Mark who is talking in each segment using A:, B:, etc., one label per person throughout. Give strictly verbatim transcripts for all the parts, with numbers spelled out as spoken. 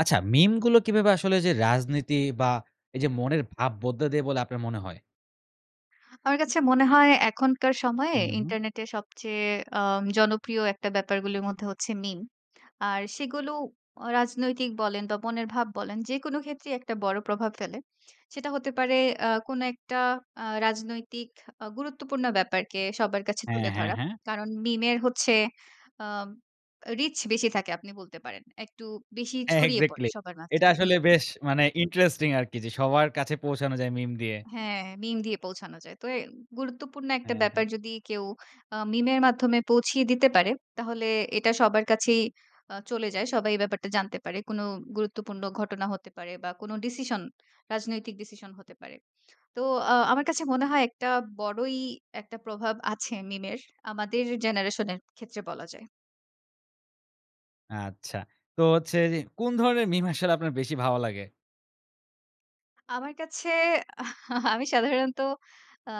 A: আচ্ছা, মিমগুলো কিভাবে আসলে যে রাজনীতি বা এইযে মনের ভাব বদলে দেয় বলে আপনার মনে হয়?
B: আমার কাছে মনে হয় এখনকার সময়ে
A: হুম, হুম।
B: ইন্টারনেটে সবচেয়ে আম জনপ্রিয় একটা ব্যাপারগুলির মধ্যে হচ্ছে মিম। আর সেগুলো আ রাজনৈতিক বলেন, বা মনের ভাব বলেন যেকোন ক্ষেত্রেই একটা বড় প্রভাব ফেলে। সেটা হতে পারে অ্যা কোনো একটা অ্যা রাজনৈতিক আ গুরুত্বপূর্ণ ব্যাপারকে সবার কাছে
A: হ্যাঁ,
B: তুলে
A: হ্যাঁ,
B: ধরা।
A: হ্যাঁ।
B: কারণ মিমের হচ্ছে আব রিচ বেশি থাকে আপনি বলতে পারেন। একটু বেশি
A: হ্যাঁ,
B: ছড়িয়ে পড়ে
A: এক্সাক্টলি।
B: সবার মাঝে।
A: এটা আসলে
B: হুম।
A: বেশ মানে ইন্টারেস্টিং আরকি! যে সবার কাছে পৌঁছানো যায় মিম দিয়ে।
B: হ্যাঁ, মিম দিয়ে পৌঁছানো যায়। তো এ গুরুত্বপূর্ণ একটা
A: হ্যাঁ, হ্যাঁ।
B: ব্যাপার যদি কেউ আ মিমের মাধ্যমে পৌঁছিয়ে দিতে পারে, তাহলে এটা সবার কাছেই আ চলে যায়। সবাই এই ব্যাপারটা জানতে পারে। কোন গুরুত্বপূর্ণ ঘটনা হতে পারে বা কোন ডিসিশন, রাজনৈতিক ডিসিশন হতে পারে। তো আ আমার কাছে মনে হয় একটা বড়ই একটা প্রভাব আছে মিমের আমাদের জেনারেশন এর ক্ষেত্রে বলা যায়।
A: আচ্ছা। তো হচ্ছে যে কোন ধরনের মিম আসলে আপনার বেশি ভালো লাগে?
B: আমার কাছে আমি সাধারণত আ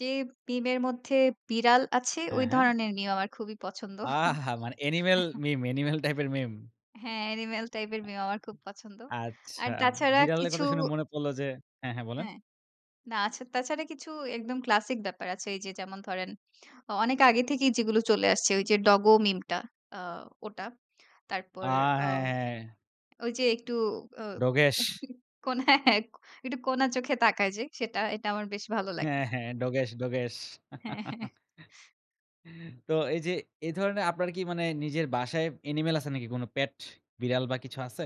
B: যে মিমের মধ্যে বিড়াল আছে,
A: হ্যাঁ,
B: ওই
A: হ্যাঁ।
B: ধরনের মিম আমার খুবই পছন্দ।
A: আহা! মানে অ্যানিম্যাল মিম অ্যানিম্যাল টাইপের মিম।
B: হ্যাঁ, অ্যানিমাল টাইপের
A: হ্যাঁ,
B: মিম আমার খুব পছন্দ। আর
A: আচ্ছা।
B: তাছাড়া
A: বিড়ালের
B: কিছু
A: কথা শুনে মনে পড়ল যে হ্যাঁ, হ্যাঁ বলেন।
B: হ্যাঁ। না, আচ্ছা। তাছাড়া কিছু একদম ক্লাসিক ব্যাপার আছে। এইযে যেমন ধরেন অনেক আগে থেকেই যেগুলো চলে আসছে ওইযে ডগো মিমটা আ ওটা।
A: আ
B: তারপর আ
A: হ্যাঁ, হ্যাঁ।
B: ওইযে একটু অ
A: ডোগেশ।
B: কোনা হ্যাঁ, একটু কোনা চোখে তাকায় যে সেটা এটা আমার বেশ ভালো লাগে।
A: হ্যাঁ, হ্যাঁ। ডোগেশ, ডোগেশ।
B: হ্যাঁ, হ্যাঁ।
A: তো এইযে এ ধরনের আপনার কি মানে নিজের বাসায় অ্যানিম্যাল আছে নাকি কোনো পেট, বিড়াল বা কিছু আছে?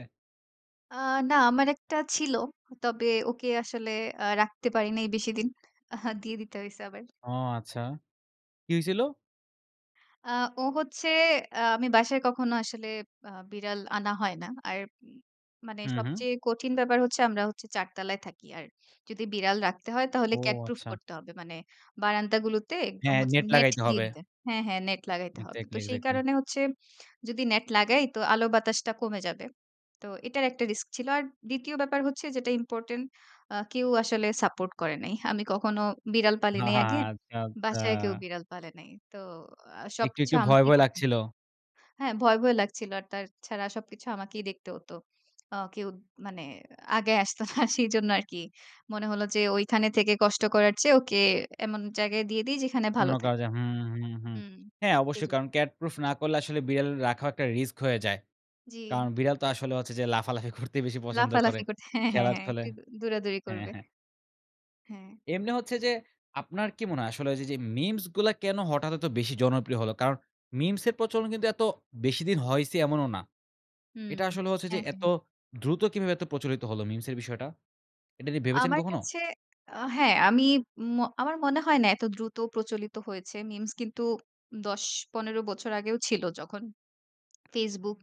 B: আ না, আমার একটা ছিল। তবে ওকে আসলে আ রাখতে পারি নাই বেশিদিন। আ দিয়ে দিতে হইছে আবার।
A: ও আচ্ছা! কী হয়ছিল?
B: আ ও হচ্ছে আমি বাসায় কখনো আসলে আ বিড়াল আনা হয় না। আর মানে
A: হুম, হুম।
B: সবচেয়ে কঠিন ব্যাপার হচ্ছে আমরা হচ্ছি চার তলায় থাকি। আর যদি বিড়াল রাখতে হয় তাহলে
A: ও
B: ক্যাট প্রুফ
A: আচ্ছা!
B: করতে হবে। মানে বারান্দাগুলোতে একদম
A: হ্যাঁ,
B: হচ্ছে
A: নেট
B: নেট
A: লাগাইতে
B: দিয়ে
A: হবে।
B: দিতে হ্যাঁ, হ্যাঁ। নেট লাগাইতে হবে। তো
A: এক্সাক্টলি,
B: সেই
A: এক্সাক্টলি।
B: কারণে হচ্ছে যদি নেট লাগাই তো আলো বাতাসটা কমে যাবে। তো এটার একটা রিস্ক ছিল। আর দ্বিতীয় ব্যাপার হচ্ছে যেটা ইম্পর্টেন্ট আ কেউ আসলে সাপোর্ট করে নাই। আমি কখনো বিড়াল পালি নাই আগে।
A: আচ্ছা, আচ্ছা।
B: বাসায় কেউ বিড়াল পালে নাই। তো আ
A: একটু,
B: সবকিছু
A: একটু ভয়,
B: আমাকেই
A: ভয়
B: করতে হ
A: লাগছিল।
B: হ্যাঁ। ভয়, ভয় লাগছিল। আর তার ছাড়া সবকিছু আমাকেই দেখতে হতো। আ কেউ মানে আগায় আসতো না সেজন্য আরকি। মনে হলো যে ঐখানে থেকে কষ্ট করার চেয়ে ওকে এমন জায়গায় দিয়ে দিই যেখানে
A: অন্য
B: ভালো
A: কারো
B: থাকবে।
A: যায়। হুম, হুম, হুম।
B: হুম,
A: হ্যাঁ অবশ্যই
B: সেটাই।
A: কারণ ক্যাট প্রুফ না করলে আসলে বিড়াল রাখাও একটা রিস্ক হয়ে যায়। কারণ
B: জ্বি।
A: বিড়াল তো আসলে হচ্ছে যে লাফালাফি করতে বেশি পছন্দ করে।
B: লাফালাফি করতে। হ্যাঁ, হ্যাঁ,
A: খেলার
B: হ্যাঁ।
A: ছলে
B: একটু দৌড়াদৌড়ি
A: হ্যাঁ,
B: করবে।
A: হ্যাঁ।
B: হ্যাঁ।
A: এমনি হচ্ছে যে আপনার কি মনে হয় আসলে ওইযে যে মিমস গুলা কেন হঠাৎ এত বেশি জনপ্রিয় হল? কারণ মিমস এর প্রচলন কিন্তু এত বেশি দিন হয়ছে এমনও না।
B: হুম।
A: এটা আসলে হচ্ছে যে
B: হ্যাঁ,
A: এত
B: হ্যাঁ।
A: দ্রুত কিভাবে এত প্রচলিত হল মিমস এর বিষয়টা? এটা নিয়ে ভেবেছেন
B: আমার
A: কখনো?
B: কাছে আ হ্যাঁ, আমি ম আমার মনে হয় না এত দ্রুত প্রচলিত হয়েছে। মিমস কিন্তু দশ-পনেরো বছর আগেও ছিল যখন Facebook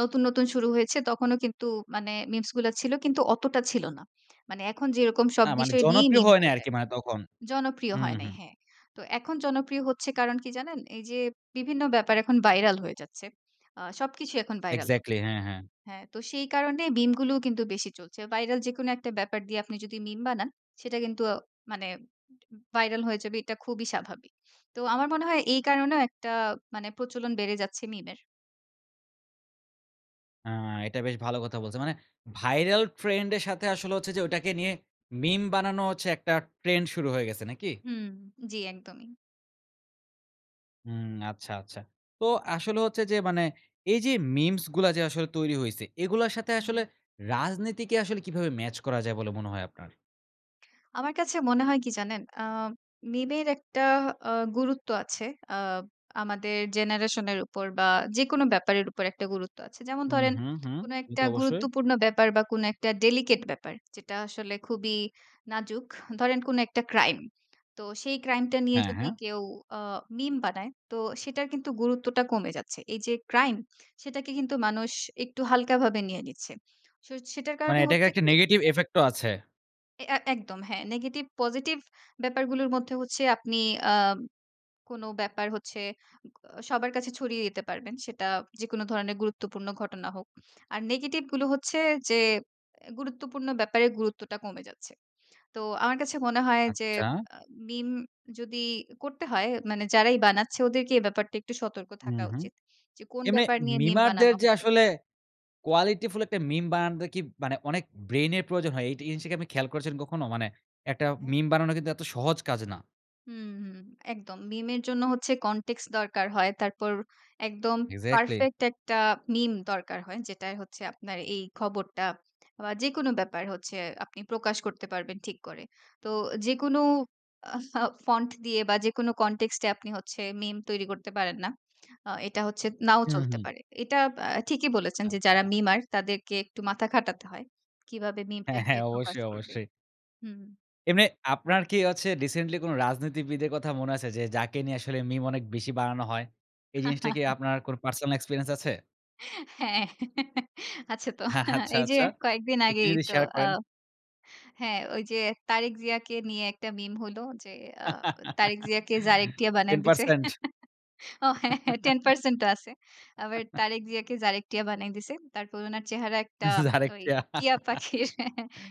B: নতুন, নতুন শুরু হয়েছে তখনও কিন্তু মানে মিমস গুলা ছিল কিন্তু অতটা ছিল না। মানে এখন যেরকম সব
A: না, মানে
B: বিষয় নিয়েই
A: জনপ্রিয়
B: মিম
A: হয়নি
B: হয়ে
A: আরকি
B: যায়।
A: মানে তখন।
B: জনপ্রিয়
A: হুম,
B: হয় নাই।
A: হুম।
B: হ্যাঁ। তো এখন জনপ্রিয় হচ্ছে কারণ কি জানেন? এইযে বিভিন্ন ব্যাপার এখন ভাইরাল হয়ে যাচ্ছে। আ সবকিছুই এখন ভাইরাল হচ্ছে।
A: এক্সাক্টলি। হ্যাঁ, হ্যাঁ।
B: হ্যাঁ, তো সেই কারণে মিমগুলোও কিন্তু বেশি চলছে। ভাইরাল যেকোনো একটা ব্যাপার দিয়ে আপনি যদি মিম বানান, সেটা কিন্তু মানে ভাইরাল হয়ে যাবে। এটা খুবই স্বাভাবিক। তো আমার মনে হয় এই কারণেও একটা মানে প্রচলন বেড়ে যাচ্ছে মিমের।
A: আ এটা বেশ ভালো কথা বলছেন। মানে viral trend এর সাথে আসলে হচ্ছে যে ওটাকে নিয়ে মিম বানানো হচ্ছে একটা ট্রেন্ড শুরু হয়ে গেছে নাকি?
B: হুম। জি একদমই।
A: হুম, আচ্ছা, আচ্ছা। তো আসলে হচ্ছে যে মানে এই যে মিমস গুলা যে আসলে তৈরি হইছে। এগুলোর সাথে আসলে
B: হুম।
A: রাজনীতিকে আসলে কিভাবে ম্যাচ করা যায় বলে মনে হয় আপনার?
B: আমার কাছে মনে হয় কি জানেন? আ মিমের একটা আ গুরুত্ব আছে। আ আমাদের জেনারেশন এর উপর বা যেকোনো ব্যাপারের উপর একটা গুরুত্ব আছে। যেমন
A: হু,
B: ধরেন
A: হু, হু।
B: কোন
A: সে
B: একটা
A: তো অবশ্যই
B: গুরুত্বপূর্ণ ব্যাপার বা কোন একটা ডেলিকেট ব্যাপার যেটা আসলে খুবই নাজুক। ধরেন কোন একটা ক্রাইম। তো সেই ক্রাইমটা নিয়ে
A: হ্যাঁ,
B: যদি
A: হ্যাঁ।
B: কেউ আ মিম বানায় তো সেটার কিন্তু গুরুত্বটা কমে যাচ্ছে। এই যে ক্রাইম সেটাকে কিন্তু মানুষ একটু হালকাভাবে নিয়ে নিচ্ছে। সো সেটার
A: মানে
B: কারণে
A: এটাকে
B: হচ্ছে
A: একটা
B: কি
A: negative effect ও আছে।
B: এ আ একদম হ্যাঁ, নেগেটিভ পজিটিভ ব্যাপারগুলোর মধ্যে হচ্ছে আপনি আ কোন ব্যাপার হচ্ছে ও আ সবার কাছে ছড়িয়ে দিতে পারবেন। সেটা যেকোনো ধরণের গুরুত্বপূর্ণ ঘটনা হোক। আর নেগেটিভগুলো হচ্ছে যে এ গুরুত্বপূর্ণ ব্যাপারে গুরুত্বটা কমে যাচ্ছে। তো আমার কাছে মনে হয় যে
A: আচ্ছা।
B: আ মিম যদি করতে হয় মানে যারাই বানাচ্ছে ওদেরকে এই ব্যাপারটা একটু সতর্ক
A: উম
B: থাকা
A: হু।
B: উচিত। যে কোন
A: এমনি
B: ব্যাপার নিয়ে মিম
A: memer দের
B: বানানো
A: যে
B: হবে।
A: আসলে qualityful একটা মিম বানানোটা কি মানে অনেক ব্রেইনের প্রয়োজন হয়। এইটা এই জিনিসটা কি আপনি খেয়াল করেছেন কখনো? মানে একটা
B: হ্যাঁ।
A: মিম বানানো কিন্তু এত সহজ কাজ না।
B: হুম, হুম একদম! মিমের জন্য হচ্ছে কনটেক্স দরকার হয়। তারপর একদম
A: এক্সাক্টলি!
B: পারফেক্ট একটা মিম দরকার হয়। যেটায় হচ্ছে আপনার এই খবরটা বা যেকোনো ব্যাপার হচ্ছে আপনি প্রকাশ করতে পারবেন ঠিক করে। তো যেকোনো আ ফাও ফন্ট দিয়ে বা যেকোনো কন্টেক্সট এ আপনি হচ্ছে মিম তৈরি করতে পারেন না। আ এটা হচ্ছে নাও
A: হুম,
B: চলতে
A: হুম।
B: পারে। এটা বা ঠিকই বলেছেন যে যারা
A: আচ্ছা।
B: মিমার তাদেরকে একটু মাথা খাটাতে হয়, কীভাবে
A: হ্যাঁ,
B: মিমটাকে
A: হ্যাঁ।
B: প্রকাশ
A: অবশ্যই,
B: করবে
A: অবশ্যই।
B: হুম।
A: এমনে আপনার কি অচ্ছে রিসেন্টলি কোন রাজনীতিবিদের কথা মনে আছে? যে যাকে নিয়ে আসলে মিম অনেক বেশি বানানো হয়? এই জিনিসটা কি আপনার কোনো পার্সোনাল এক্সপেরিয়েন্স আছে?
B: হ্যাঁ আছে তো।
A: হ্যাঁ আচ্ছা,
B: এই যে
A: আচ্ছা।
B: কয়েকদিন
A: একটু
B: আগেই
A: যদি
B: তো
A: শেয়ার
B: আ
A: করেন।
B: হ্যাঁ ওই যে তারেক জিয়াকে নিয়ে একটা মিম হলো যে অ্যা তারেক জিয়াকে জারেক টিয়া বানায়
A: Ten
B: দিছে।
A: percent!
B: ও হ্যাঁ ten percent ও আছে। আবার তারেক জিয়াকে জারেক টিয়া বানায় দিছে। তারপর উনার চেহারা একটা
A: জারেক
B: ঐ
A: টিয়া!
B: টিয়া পাখির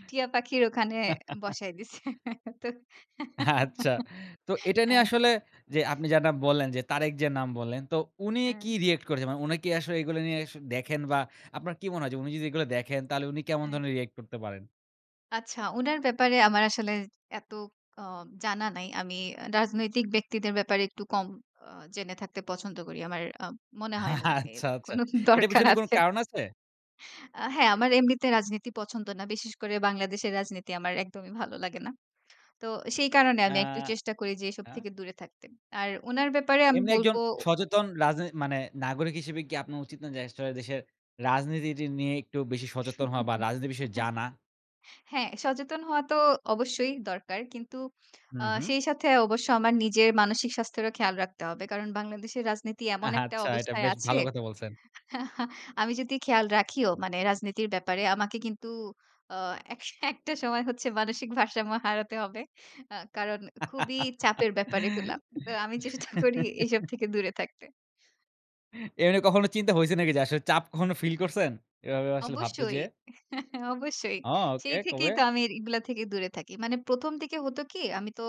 B: টিয়া পাখির ওখানে বসায় দিছে। তো
A: আচ্ছা! তো এটা নিয়ে
B: হ্যাঁ।
A: আসলে যে আপনি জাটা বললেন যে তারেক জিয়ার নাম বললেন তো উনি কি
B: হ্যাঁ।
A: রিঅ্যাক্ট করেছে? মানে উনি কি আসলে এইগুলো নিয়ে সো দেখেন বা আপনার কি মনে হয় যে উনি যদি এগুলা দেখেন তাহলে উনি কেমন
B: হ্যাঁ।
A: ধরনের রিঅ্যাক্ট করতে পারেন?
B: আচ্ছা উনার ব্যাপারে আমার আসলে এত আ জানা নাই। আমি রাজনৈতিক ব্যক্তিদের ব্যাপারে একটু কম আ জেনে থাকতে পছন্দ করি। আমার আ মনে হয় না এর
A: আচ্ছা, আচ্ছা।
B: কোন
A: এটার
B: দরকার
A: পেছনে কোন
B: আছে।
A: কারণ আছে?
B: আ হ্যাঁ, আমার এমনিতে রাজনীতি পছন্দ না। বিশেষ করে বাংলাদেশের রাজনীতি আমার একদমই ভালো লাগে না। তো সেই কারণে
A: আ
B: আমি একটু চেষ্টা করি যে এসব
A: আচ্ছা।
B: থেকে দূরে থাকতে। আর উনার ব্যাপারে আমি
A: এমনি
B: বলব
A: একজন সচেতন রাজনী মানে নাগরিক হিসেবে কি আপনার উচিত না যে আসলে দেশের রাজনীতি নিয়ে একটু বেশি সচেতন হওয়া বা রাজনীতির বিষয়ে জানা?
B: হ্যাঁ, সচেতন হওয়া তো অবশ্যই দরকার। কিন্তু আ
A: হুম, হুম।
B: সেই সাথে অবশ্য আমার নিজের মানসিক স্বাস্থ্যেরও খেয়াল রাখতে হবে। কারণ বাংলাদেশের রাজনীতি এমন একটা
A: আচ্ছা, এটা
B: অবস্থায়
A: বেশ
B: আছে
A: ভালো কথা বলছেন।
B: আমি যদি খেয়াল রাখিও মানে রাজনীতির ব্যাপারে আমাকে কিন্তু আ এক একটা সময় হচ্ছে মানসিক ভারসাম্য হারাতে হবে। আ কারণ খুবই চাপের ব্যাপার এগুলা। তো আমি চেষ্টা করি এসব থেকে দূরে থাকতে।
A: এমনি কখনো চিন্তা হইছে নাকি যে আসলে চাপ কখনো feel করছেন? এভাবে আসলে ভাবতে
B: অবশ্যই।
A: যেয়ে?
B: অবশ্যই।
A: ও ওকে
B: সেই
A: কবে?
B: থেকেই তো আমি এগুলা থেকে দূরে থাকি। মানে প্রথম দিকে হত কি? আমি তো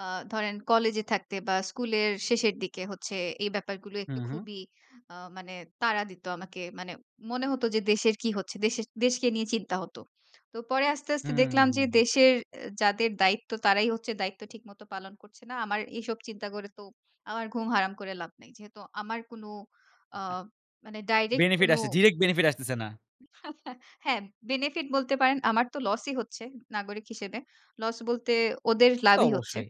B: আ ধরেন কলেজে থাকতে বা স্কুলের শেষের দিকে হচ্ছে এই ব্যাপারগুলো একটু
A: হুম, হুম।
B: খুবই আ মানে তাড়া দিত আমাকে। মানে মনে হত যে দেশের কি হচ্ছে, দেশের দেশকে নিয়ে চিন্তা হত। তো পরে আস্তে, আস্তে
A: হুম, হুম,
B: দেখলাম যে
A: হুম।
B: দেশের যাদের দায়িত্ব তারাই হচ্ছে দায়িত্ব ঠিক মত পালন করছে না। আমার এসব চিন্তা করে তো আমার ঘুম হারাম করে লাভ নেই। যেহেতু আমার কোন আ
A: আ
B: মানে direct কোন
A: Benefit আসছে ডিরেক্ট Benefit আসতেছে না।
B: হ্যাঁ, benefit বলতে পারেন। আমার তো লসই হচ্ছে নাগরিক হিসেবে। লস বলতে ওদের
A: তা তো
B: লাভই হচ্ছে।
A: অবশ্যই।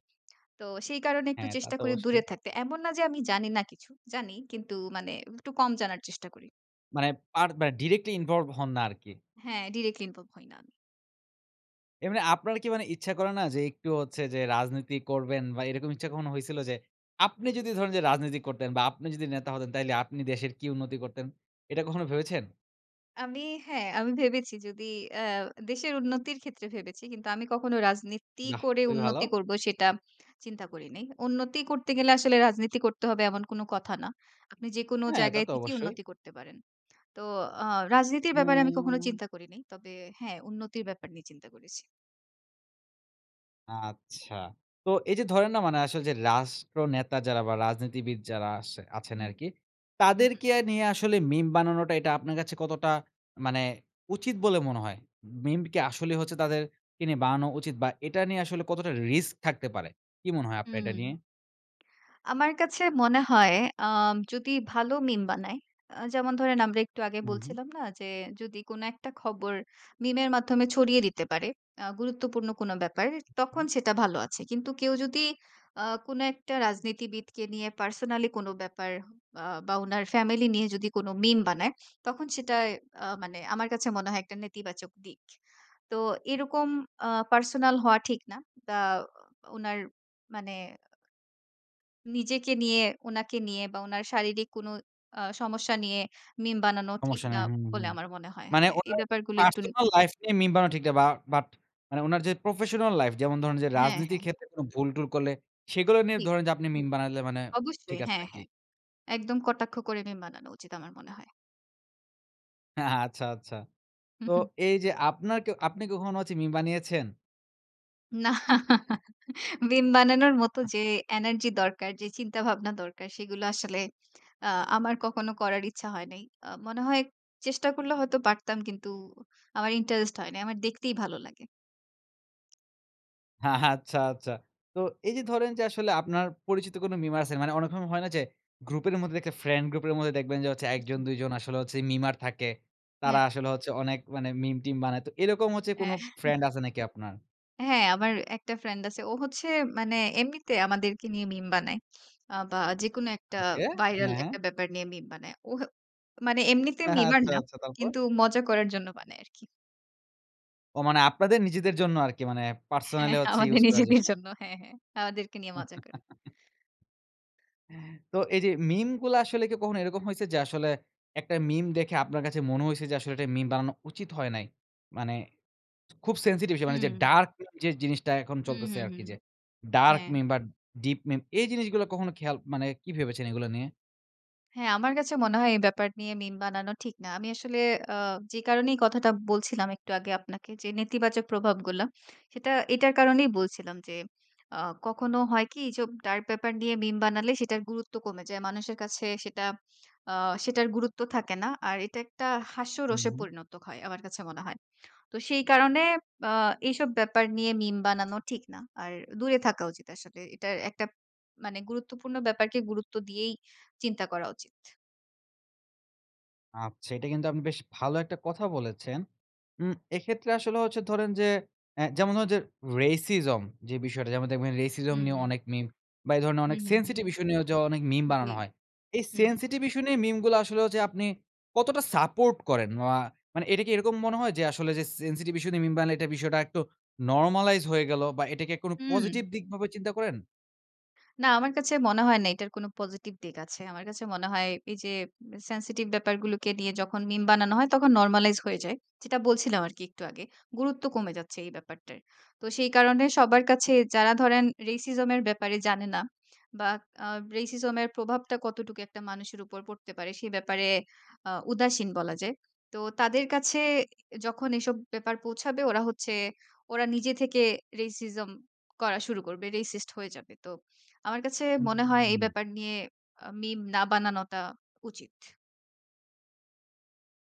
B: তো সেই কারণে একটু
A: হ্যাঁ, তা
B: চেষ্টা
A: তো
B: করি দূরে
A: অবশ্যই।
B: থাকতে। এমন না যে আমি জানি না কিছু। জানি কিন্তু মানে একটু কম জানার চেষ্টা করি।
A: মানে পার মানে directly involve হন না আর কি।
B: হ্যাঁ, directly involve হই না আমি।
A: এমনি আপনার কি মানে ইচ্ছা করে না যে একটু হচ্ছে যে রাজনীতি করবেন বা এরকম ইচ্ছা কখনো হইছিল যে আপনি যদি ধরেন যে রাজনীতি করতেন বা আপনি যদি নেতা হতেন তাইলে আপনি দেশের কী উন্নতি করতেন? এটা কখনো ভেবেছেন?
B: আমি হ্যাঁ, আমি ভেবেছি যদি অ্যা দেশের উন্নতির ক্ষেত্রে ভেবেছি কিন্তু আমি কখনো রাজনীতি
A: বাহ্‌!
B: করে
A: খুবই ভালো।
B: উন্নতি করবো সেটা চিন্তা করি নাই। উন্নতি করতে গেলে আসলে রাজনীতি করতে হবে এমন কোনো কথা না। আপনি যেকোনো
A: হ্যাঁ, তা
B: জায়গায়
A: তো
B: থেকেই
A: অবশ্যই।
B: উন্নতি করতে পারেন। তো আ রাজনীতির ব্যাপারে আমি কখনো
A: হুম।
B: চিন্তা করি নাই। তবে হ্যাঁ, উন্নতির ব্যাপার নিয়ে চিন্তা করেছি।
A: আচ্ছা। তো এই যে ধরেন না মানে আসলে যে রাষ্ট্রনেতা যারা বা রাজনীতিবিদ যারা আসে আছেন
B: হুম।
A: আরকি,
B: হুম, হুম।
A: তাদেরকে নিয়ে আসলে meme বানানোটা এটা আপনার কাছে কতটা মানে উচিত বলে মনে হয়? Meme কি আসলেই হচ্ছে তাদেরকে নিয়ে বানানো উচিত বা এটা নিয়ে আসলে কতটা risk থাকতে পারে? কি মনে হয় আপনার এটা নিয়ে?
B: হুম। আমার কাছে মনে হয় আ যদি ভালো meme বানায়, আ যেমন ধরেন আমরা একটু আগে
A: হুম, হুম।
B: বলছিলাম না যে যদি কোনো একটা খবর meme এর মাধ্যমে ছড়িয়ে দিতে পারে, আ গুরুত্বপূর্ণ কোনো ব্যাপার,
A: মহুম।
B: তখন সেটা ভালো আছে। কিন্তু কেউ যদি আ কোনো একটা রাজনীতিবিদকে নিয়ে personally কোনো ব্যাপার বা বা উনার ফ্যামিলি নিয়ে যদি কোনো meme বানায়, তখন সেটা আ মানে আমার কাছে মনে হয় একটা নেতিবাচক দিক। তো এরকম আ personal হওয়া ঠিক না। বা উ উনার মানে নিজেকে নিয়ে, উনাকে নিয়ে, বা উনার শারীরিক কোনো আ সমস্যা নিয়ে meme বানানো ঠিক
A: সমস্যা
B: না
A: নাই। হুম,
B: বলে
A: হুম।
B: আমার মনে হয়।
A: মানে
B: হ্যাঁ, এ
A: ওনার
B: ব্যাপারগুলো একটুন
A: personal life নিয়ে meme বানানো ঠিক না। বা but মানে ওনার যে professional life যেমন ধরেন যে
B: হ্যাঁ,
A: রাজনীতির
B: হ্যাঁ।
A: ক্ষেত্রে কোনো ভুল-টুল করলে সেগুলো নিয়ে
B: জি।
A: ধরেন যে আপনি meme বানাইলে মানে ঠিক
B: অবশ্যই।
A: আছে
B: হ্যাঁ,
A: নাকি?
B: হ্যাঁ। একদম কটাক্ষ করে meme বানানো উচিত আমার মনে হয়।
A: অ্যা হা আচ্ছা, আচ্ছা।
B: হু,
A: তো
B: হু।
A: এইযে আপনার কে আপনি কখনো হচ্ছে মিম বানিয়েছেন?
B: না। মিম বানানোর মতো যে এনার্জি দরকার, যে চিন্তাভাবনা দরকার সেগুলো আসলে আ আমার কখনো করার ইচ্ছা হয় নাই। অ মনে হয় চেষ্টা করলে হয়তো পারতাম কিন্তু আমার ইন্টারেস্ট হয় নাই। আমার দেখতেই ভালো লাগে।
A: আচ্ছা, আচ্ছা। তো এই যে ধরেন যে আসলে আপনার পরিচিত কোনো মিমার আছে? মানে অনেক সময় হয় না যে গ্রুপের মধ্যে যদি একটা ফ্রেন্ড গ্রুপের মধ্যে দেখবেন যে হচ্ছে এক জন, দুই জন আসলে হচ্ছে মিমার থাকে। তারা
B: হ্যাঁ।
A: আসলে হচ্ছে অনেক মানে মিম-টিম বানায়। তো এইরকম হচ্ছে কোনো
B: হ্যাঁ।
A: ফ্রেন্ড আছে নাকি আপনার?
B: হ্যাঁ, এ আমার একটা ফ্রেন্ড আছে। ও হচ্ছে মানে এমনিতে আমাদেরকে নিয়ে মিম বানায়। আ বা যেকোনো একটা
A: ওকে।
B: ভাইরাল
A: হ্যাঁ, হ্যাঁ।
B: একটা ব্যাপার নিয়ে মিম বানায়। ও হ্যাঁ মানে এমনিতে মিমার
A: আচ্ছা,
B: না।
A: আচ্ছা। তারপর?
B: কিন্তু মজা করার জন্য বানায় আরকি।
A: ও! মানে আপনাদের নিজেদের জন্য আরকি মানে
B: হ্যাঁ,
A: পার্সোনালি হচ্ছে
B: আমাদের
A: ইউজ করার
B: নিজেদের
A: জন্য।
B: জন্য। হ্যাঁ, হ্যাঁ। আমাদেরকে নিয়ে মজা করে।
A: তো এই যে মিম গুলা আসলে কি কখনো এরকম হইছে যে আসলে একটা মিম দেখে আপনার কাছে মনে হইছে যে আসলে এটা মিম বানানো উচিত হয় নাই? মানে খুব সেনসিটিভ ইস্যু মানে যে
B: হুম।
A: ডার্ক [unintelligible] যে জিনিসটা এখন
B: হু, হু,
A: চলতেছে
B: হু।
A: আরকি যে ডার্ক
B: হ্যাঁ।
A: মিম বা ডিপ মিম এই জিনিসগুলো কখনো খেয়াল মানে কি ভেবেছেন এগুলো নিয়ে?
B: হ্যাঁ, আমার কাছে মনে হয় এই ব্যাপার নিয়ে মিম বানানো ঠিক না। আমি আসলে আ যে কারণেই কথাটা বলছিলাম একটু আগে আপনাকে যে, নেতিবাচক প্রভাবগুলা। সেটা এটার কারণেই বলছিলাম যে, আ কখনো হয় কি ইজব ডার্ক ডার নিয়ে মিম বানালে সেটার গুরুত্ব কমে যায়। মানুষের কাছে সেটা আ সেটার গুরুত্ব থাকে না। আর এটা একটা
A: হু,
B: হাস্যরসে
A: হু।
B: পরিণত হয়। আমার কাছে মনে হয়। তো সেই কারণে আ এইসব ব্যাপার নিয়ে মিম বানানো ঠিক না। আর দূরে থাকা উচিত আসলে। এটার একটা মানে গুরুত্বপূর্ণ ব্যাপারকে গুরুত্ব দিয়েই চিন্তা করা উচিত।
A: আচ্ছা এটা কিন্তু আপনি বেশ ভালো একটা কথা বলেছেন। উম এক্ষেত্রে আসলে হচ্ছে ধরেন যে, অ্যা যেমন ধরুন যে Racism যে বিষয়টা যেমন দেখবেন
B: হু,
A: Racism নিয়ে
B: উ
A: অনেক মিম বা এই
B: হু,
A: ধরনের
B: হু, হু।
A: Sensitive issue নিয়েও যে অনেক মিম
B: জ্বী
A: বানানো হয়। এই
B: হু।
A: Sensitive issue নিয়ে মিম গুলা আসলে হচ্চে আপনি কতটা সাপোর্ট করেন মা মানে এটা কি এরকম মনে হয়? যে আসলে যে Sensitive issue নিয়ে মিম বানায়, এটা বিষয়টা আরেকটু normalized হয়ে গেল বা এটা কি আর কোনো পজিটিভ
B: হু।
A: দিকভাবে চিন্তা করেন?
B: না আমার কাছে মনে হয় না। এটার কোন পজিটিভ দিক আছে। আমার কাছে মনে হয় এই যে Sensitive ব্যাপারগুলোকে নিয়ে যখন মিম বানানো হয়, তখন normalize হয়ে যায়। যেটা বলছিলাম আরকি একটু আগে। গুরুত্ব কমে যাচ্ছে এই ব্যাপারটায়। তো সেই কারণে সবার কাছে যারা ধরেন Racism এর ব্যাপারে জানে না বা আ Racism এর প্রভাবটা কতটুকু একটা মানুষের উপর পড়তে পারে সে ব্যাপারে আ উদাসীন বলা যায়। তো তাদের কাছে অ্যা যখন এসব ব্যাপার পৌঁছাবে ওরা হচ্ছে, ওরা নিজে থেকে Racism করা শুরু করবে। Racist হয়ে যাবে। তো আমার কাছে মনে হয়, এই
A: হুম।
B: ব্যাপার নিয়ে আ মিম না বানানোটা উচিত।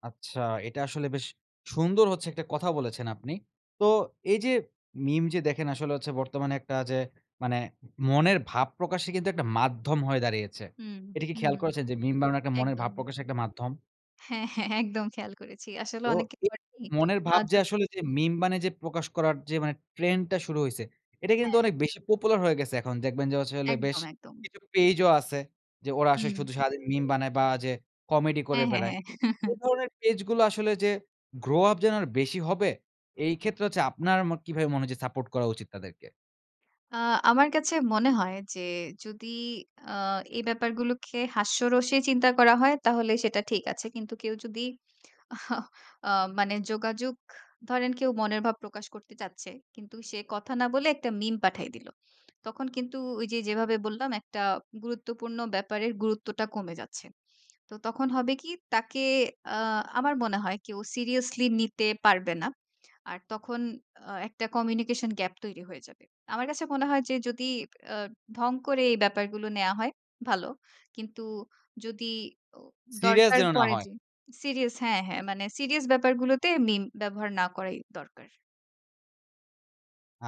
A: আচ্ছা। এটা আসলে বেশ সুন্দর হচ্ছে একটা কথা বলেছেন আপনি। তো এই যে meme যে দেখেন আসলে হচ্ছে বর্তমানে একটা যে মানে মনের ভাব প্রকাশে কিন্তু একটা মাধ্যম হয়ে দাঁড়িয়েছে।
B: হুম,
A: এটা কি
B: হুম,
A: খেয়াল
B: হুম,
A: করেছেন যে meme বানানো মনের
B: একদম।
A: ভাব প্রকাশে একটা মাধ্যম?
B: হ্যাঁ, হ্যাঁ একদম খেয়াল করেছি। আসলে
A: তো
B: অনেকে
A: [unintelligible]
B: করেনি।
A: মনের ভাব যে
B: আযো
A: আসলে যে meme মানে যে প্রকাশ করার যে মানে trend টা শুরু হইছে। এটা কিন্তু
B: হ্যাঁ।
A: অনেক বেশি popular হয়ে গেছে এখন দেখবেন যে হচ্ছে হলো বেশ
B: একদম, একদম।
A: কিছু page ও আছে। যে ওরা আসলে
B: হুম।
A: শুধু সারাদিন meme বানায় বা যে comedy করে
B: হ্যাঁ, হ্যাঁ,
A: বেড়ায়।
B: হ্যাঁ।
A: এ ধরনের page গুলো আসলে যে grow up যেন আর বেশি হবে। এই ক্ষেত্রে হচ্ছে আপনার ম কিভাবে মনে হচ্ছে support করা উচিত তাদেরকে?
B: আ আমার কাছে মনে হয়, যে যদি আ এই ব্যাপারগুলোকে হাস্যরসে চিন্তা করা হয় তাহলে সেটা ঠিক আছে। কিন্তু কেউ যদি আ মানে যোগাযোগ ধরেন কেউ মনের ভাব প্রকাশ করতে চাচ্ছে কিন্তু সে কথা না বলে একটা meme পাঠিয়ে দিল। তখন কিন্তু ওই যে যেভাবে বললাম একটা গুরুত্বপূর্ণ ব্যাপারের গুরুত্বটা কমে যাচ্ছে। তো তখন হবে কি? তাকে আ আমার মনে হয় কেও seriously নিতে পারবে না। আর তখন আ একটা communication gap তৈরি হয়ে যাবে। আমার কাছে মনে হয় যে যদি আ ঢং করে এই ব্যাপারগুলো নেয়া হয়, ভালো। কিন্তু যদি ও
A: serious
B: দরকার
A: যেন না
B: পড়ে
A: হয়।
B: যে serious হ্যাঁ, হ্যাঁ। মানে serious ব্যাপারগুলোতে meme ব্যবহার না করাই দরকার।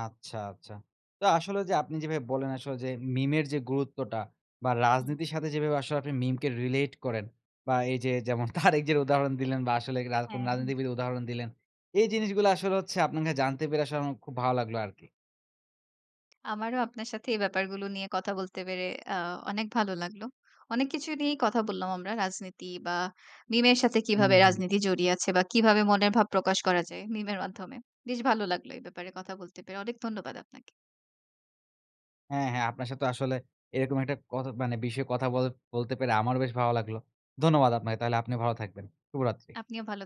A: আচ্ছা, আচ্ছা। তো আসলে যে আপনি যেভাবে বল্লেন আসলে যে meme এর যে গুরুত্বটা বা
B: হুম।
A: রাজনীতির সাথে যেভাবে আসলে আপনি meme কে relate করেন বা এই যে যেমন তারেক জিয়ার উদাহরণ দিলেন বা আসলে রা কোন
B: হ্যাঁ, হ্যাঁ।
A: রাজনীতিবিদ উদাহরণ দিলেন। এই জিনিসগুলো আসলে হচ্ছে আপনাকে জানতে পেরে আসলে আমার খুব ভালো লাগলো আরকি।
B: আমারও আপনার সাথে এই ব্যাপারগুলো নিয়ে কথা বলতে পেরে আ অনেক ভালো লাগলো। অনেক কিছু নিয়েই কথা বললাম আমরা রাজনীতি বা meme এর সাথে
A: হুম,
B: কিভাবে
A: হুম।
B: রাজনীতি জড়িয়ে আছে? বা কিভাবে মনের ভাব প্রকাশ করা যায় মিমের মাধ্যমে? বেশ ভালো লাগলো এ ব্যাপারে কথা বলতে পেরে। অনেক ধন্যবাদ আপনাকে।
A: হ্যাঁ, হ্যাঁ। আপনার সাথে আসলে এরকম কথ মানে একটা বিষয়ে কথা বল বলতে পেরে আমার বেশ ভালো লাগল। ধন্যবাদ আপনাকে। তাহলে আপনি ভালো থাকবেন। শুভরাত্রি।
B: আপনিও ভাল